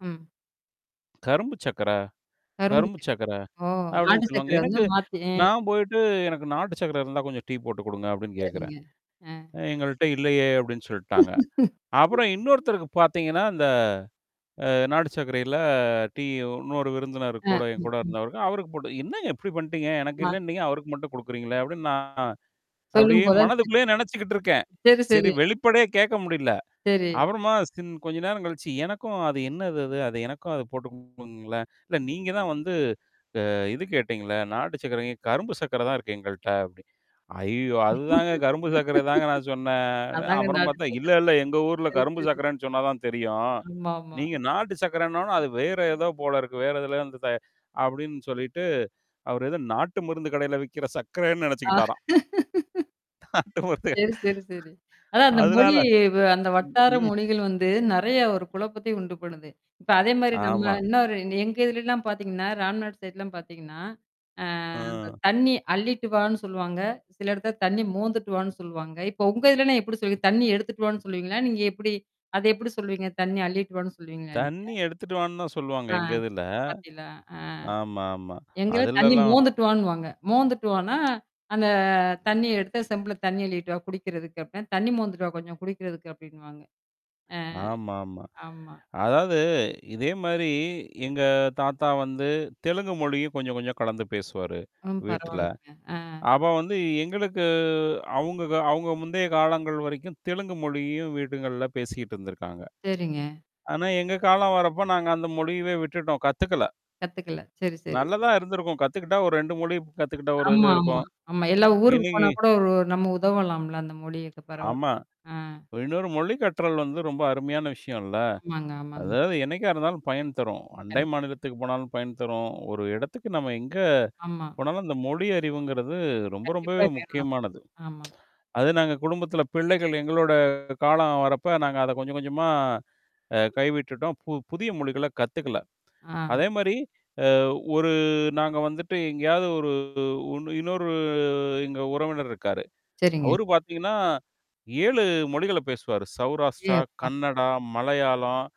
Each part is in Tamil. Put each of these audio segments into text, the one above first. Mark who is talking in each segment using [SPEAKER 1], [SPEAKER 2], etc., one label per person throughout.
[SPEAKER 1] ம்.
[SPEAKER 2] கரும்பு சக்கர கரும்பு
[SPEAKER 1] கரும்பச்சாரு.
[SPEAKER 2] சக்கர.
[SPEAKER 1] ஓ!
[SPEAKER 2] அப்பிடின்னு
[SPEAKER 1] நாட்டு
[SPEAKER 2] சொல்லுவாங்க.
[SPEAKER 1] சர்க்கரை வந்து
[SPEAKER 2] எனக்கு
[SPEAKER 1] மாத்தி. அ.
[SPEAKER 2] நான் போயிட்டு எனக்கு நாட்டு சர்க்கர இருந்தா கொஞ்சம் டீ போட்டு குடுங்க அப்பிடின்னு கேக்குறேன்.
[SPEAKER 1] சரிங்க. அ.
[SPEAKER 2] எங்கள்ட்ட இல்லையே! அப்பிடின்னு சொல்ட்டாங்க. அப்புறம் இன்னொருத்தருக்கு பார்த்தீங்கன்னா, இந்த அ நாடு சர்க்கரையில டீ இன்னொரு விருந்தினரு கூட
[SPEAKER 1] அ.
[SPEAKER 2] என்
[SPEAKER 1] ம்,
[SPEAKER 2] கூட
[SPEAKER 1] ம்.
[SPEAKER 2] இருந்தவருக்கு. அவருக்கு போட்டு என்னங்க இப்டி பண்ணிட்டீங்க? எனக்கு
[SPEAKER 1] ஆ.
[SPEAKER 2] இல்லன்னு நீங்க அவருக்கு மட்டும் குடுக்குறீங்களேன்! அப்பிடின்னு நான் அப்படியே
[SPEAKER 1] சொல்லும்போது தான் தெரியுது.
[SPEAKER 2] மனதுக்குள்ளயே நெனச்சுக்கிட்டுருக்கேன்.
[SPEAKER 1] சரி,
[SPEAKER 2] சரி
[SPEAKER 1] சரி.
[SPEAKER 2] வெளிப்படையா கேட்க முடியல.
[SPEAKER 1] சரி.
[SPEAKER 2] அப்புறமா சின் கொஞ்ச நேரம் கழிச்சு. எனக்கும் அது என்னது அது? அத எனக்கும் அது போட்டு குடுங்களேன்? இல்ல நீங்க தான் வந்து அ இது கேட்டீங்களே! நாட்டு சர்க்கர ஏன் கரும்பு சர்க்கர தான் இருக்கு எங்கள்ட்ட அப்படின்னு. ஐயோ! அதுதாங்க கரும்பு சர்க்கர தாங்க நான் சொன்னேன்.
[SPEAKER 1] அதாங்க
[SPEAKER 2] அப்புறம்
[SPEAKER 1] நாட்டு
[SPEAKER 2] பார்த்தேன் இல்ல,
[SPEAKER 1] சர்க்கர.
[SPEAKER 2] இல்ல எங்க ஊர்ல
[SPEAKER 1] சரி,
[SPEAKER 2] கரும்பு
[SPEAKER 1] சரி.
[SPEAKER 2] சர்க்கரன்னு சொன்னா தான் தெரியும்.
[SPEAKER 1] ஆமா, ஆமா.
[SPEAKER 2] நீங்க நாட்டு சர்க்கரன்னோனா, அது வேற ஏதோ போலருக்கு. வேற எதுலயோ இருந்து தயா-அப்பிடின்னு சொல்லிட்டு அவர் எத நாட்டு மருந்து கடையில விக்கிற சர்க்கரன்னு
[SPEAKER 1] ஆ.
[SPEAKER 2] நெனச்சுக்கிட்டாராம். நாட்டு மருந்து கட
[SPEAKER 1] சரி, சரி, சரி. அதான் அந்த
[SPEAKER 2] அதுனால
[SPEAKER 1] மொழி வ அந்த
[SPEAKER 2] ம்,
[SPEAKER 1] வட்டார
[SPEAKER 2] ம்.
[SPEAKER 1] மொழிகள் வந்து நெறைய ஒரு குழப்பத்தை உண்டு பண்ணுது. இப்ப அதேமாரி நம்ம
[SPEAKER 2] ஆமா.
[SPEAKER 1] இன்ன ஒரு எங்க இதல எல்லாம் பார்த்தீங்கன்னா, ராம்நாடு் சைட்லாம் பார்த்தீங்கன்னா, அ அந்த
[SPEAKER 2] ஆ.
[SPEAKER 1] தண்ணீ அள்ளிட்டுவான்னு சொல்லுவாங்க. சில இடத்தல தண்ணீ மோந்துட்டுவான்னு சொல்லுவாங்க. இப்ப உங்க இதிலலாம் எப்பிடி சொல்லு தண்ணீ எடுத்துட்டுவான்னு சொல்லுவீங்களா? நீங்க எப்பிடி? அத எப்பிடி சொல்வீங்க? தண்ணீி அள்ளிட்டுவான்னு சொல்லுவீங்களா நீங்க?
[SPEAKER 2] தண்ணீ எடுத்துட்டுவான்னு தான் சொல்லுவாங்க
[SPEAKER 1] ஆ.
[SPEAKER 2] எங்க இதுல.
[SPEAKER 1] பத்தீகளா அ.
[SPEAKER 2] ஆமா, ஆமா.
[SPEAKER 1] எங்காவது தண்ணீ
[SPEAKER 2] அதலல்லாம்.
[SPEAKER 1] மோந்துட்டுவான்னுவாங்க. மோந்துட்டுவானா, அந்த தண்ணீ எடுத்து செம்பில தண்ணீ அள்ளிட்டுவா! குடிக்கிறதுக்கு அப்புட்னா. தண்ணீ மோந்துட்டுவா கொஞ்சம் குடிக்கிறதுக்கு அப்பிடின்னுவாங்க. அ.
[SPEAKER 2] ஆமா, ஆமா.
[SPEAKER 1] ஆமா.
[SPEAKER 2] அதாவது இதேமாரி எங்க தாத்தா வந்து தெலுங்கு மொழியும் கொஞ்சம் கொஞ்சம் கலந்து பேசுவாரு
[SPEAKER 1] ம்.
[SPEAKER 2] வீட்ல.
[SPEAKER 1] பரவால்லங்க. ஆ.
[SPEAKER 2] அப்ப வந்து எங்களுக்கு அவுங்க அவுங்க முந்தைய காலங்கள் வரைக்கும் தெலுங்கு மொழியும் வீடுங்கள்ல பேசிக்கிட்டு இருந்திருக்காங்க.
[SPEAKER 1] சரிங்க.
[SPEAKER 2] ஆனா, எங்க காலம் வரப்ப, நாங்க அந்த மொழியவே விட்டுட்டோம். கத்துக்கல.
[SPEAKER 1] கத்துக்கல. சரி, சரி.
[SPEAKER 2] நல்லதான் இருந்திருக்கும். கத்துக்கிட்டா ஒரு 2 மொழி கத்துக்கிட்ட ஒரு இது
[SPEAKER 1] ஆமா, ஆமா,
[SPEAKER 2] இருக்கும்.
[SPEAKER 1] ஆமா. எல்லா ஊருக்கு
[SPEAKER 2] இன்னக்கி
[SPEAKER 1] போனா கூட ஒரு நம்ம உதவலாம்ல, அந்த மொழியக்க பரவால்ல.
[SPEAKER 2] ஆமா.
[SPEAKER 1] ஆ.
[SPEAKER 2] இன்னொரு மொழிக் கற்றல் வந்து ரொம்ப அருமையான விஷயம் இல்ல.
[SPEAKER 1] ஆமாங்க, ஆமாங்க.
[SPEAKER 2] அதாவது என்னைக்கா இருந்தாலும் பயன் தரும். அண்டை
[SPEAKER 1] கண்
[SPEAKER 2] மாநிலத்துக்கு போனாலும் பயன் தரும். ஒரு இடத்துக்கு நம்ம எங்க
[SPEAKER 1] ஆமா.
[SPEAKER 2] போனாலும் இந்த மொழி அறிவுங்கிறது ரொம்ப,
[SPEAKER 1] கண்டிப்பா
[SPEAKER 2] ரொம்பவே
[SPEAKER 1] வேணும்.
[SPEAKER 2] முக்கியமானது.
[SPEAKER 1] ஆமா, ஆமா.
[SPEAKER 2] அது நாங்க குடும்பத்தில பிள்ளைகள் எங்களோட காலம் வரப்ப நாங்க அத கொஞ்சம் கொஞ்சமா அ கை விட்டுட்டோம். பு புதிய மொழிகள கத்துக்கல.
[SPEAKER 1] ஆ.
[SPEAKER 2] அதேமாரி அ ஒரு நாங்க வந்துட்டு எங்கேயாவது ஒரு உன் இன்னொரு எங்க உறவினர் இருக்காரு.
[SPEAKER 1] சரிங்க.
[SPEAKER 2] அவரு பார்த்தீங்கன்னா, 7 மொழிகள பேசுவாரு.
[SPEAKER 1] ஏ
[SPEAKER 2] சௌராஷ்டிரா,
[SPEAKER 1] அப்பா!
[SPEAKER 2] கன்னடா, மலையாளம்.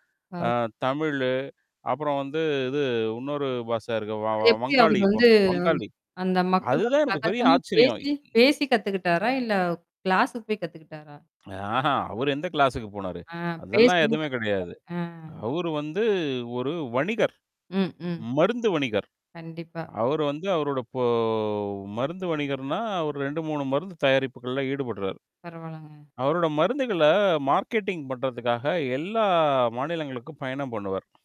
[SPEAKER 2] ஆ
[SPEAKER 1] [unintelligible]
[SPEAKER 2] தமிழு அப்புறம் வந்து இது இன்னொரு பாஷ இருக்கு. வ
[SPEAKER 1] அது எப்பிடி அவரு
[SPEAKER 2] வங்காளி வ
[SPEAKER 1] வந்து
[SPEAKER 2] வங்காளி.
[SPEAKER 1] அ அந்த மக்களோட
[SPEAKER 2] அதுதான் எனக்கு பெரிய
[SPEAKER 1] சகஜமா
[SPEAKER 2] ஆச்சரியம்.
[SPEAKER 1] பேசி, பேசி கத்துக்கிட்டாரா! இல்ல கிளாஸ்க்கு போய் கத்துக்கிட்டாரா?
[SPEAKER 2] ஆஹா! அவரு எந்த கிளாஸ்க்கு போனாரு.
[SPEAKER 1] ஆ
[SPEAKER 2] அதெல்லாம்
[SPEAKER 1] பேசுதான்
[SPEAKER 2] எதுவுமே
[SPEAKER 1] கத்துக்கிட்டாரு
[SPEAKER 2] கிடையாது.
[SPEAKER 1] ஆ.
[SPEAKER 2] அவரு வந்து ஒரு வணிகர்.
[SPEAKER 1] ம், ம்.
[SPEAKER 2] மருந்து வணிகர்.
[SPEAKER 1] கண்டிப்பா.
[SPEAKER 2] அவரு வந்து அவரோட பொ மருந்து வணிகர்னா, அவர் 2, 3 மருந்து தயாரிப்புகள்ல ஈடுபடுறார்.
[SPEAKER 1] பரவால்லங்க.
[SPEAKER 2] அவரோட மருந்துகள மார்க்கெட்டிங் பண்றதுக்காக எல்லா மாநிலங்களுக்கும் பயணம் பண்ணுவார்.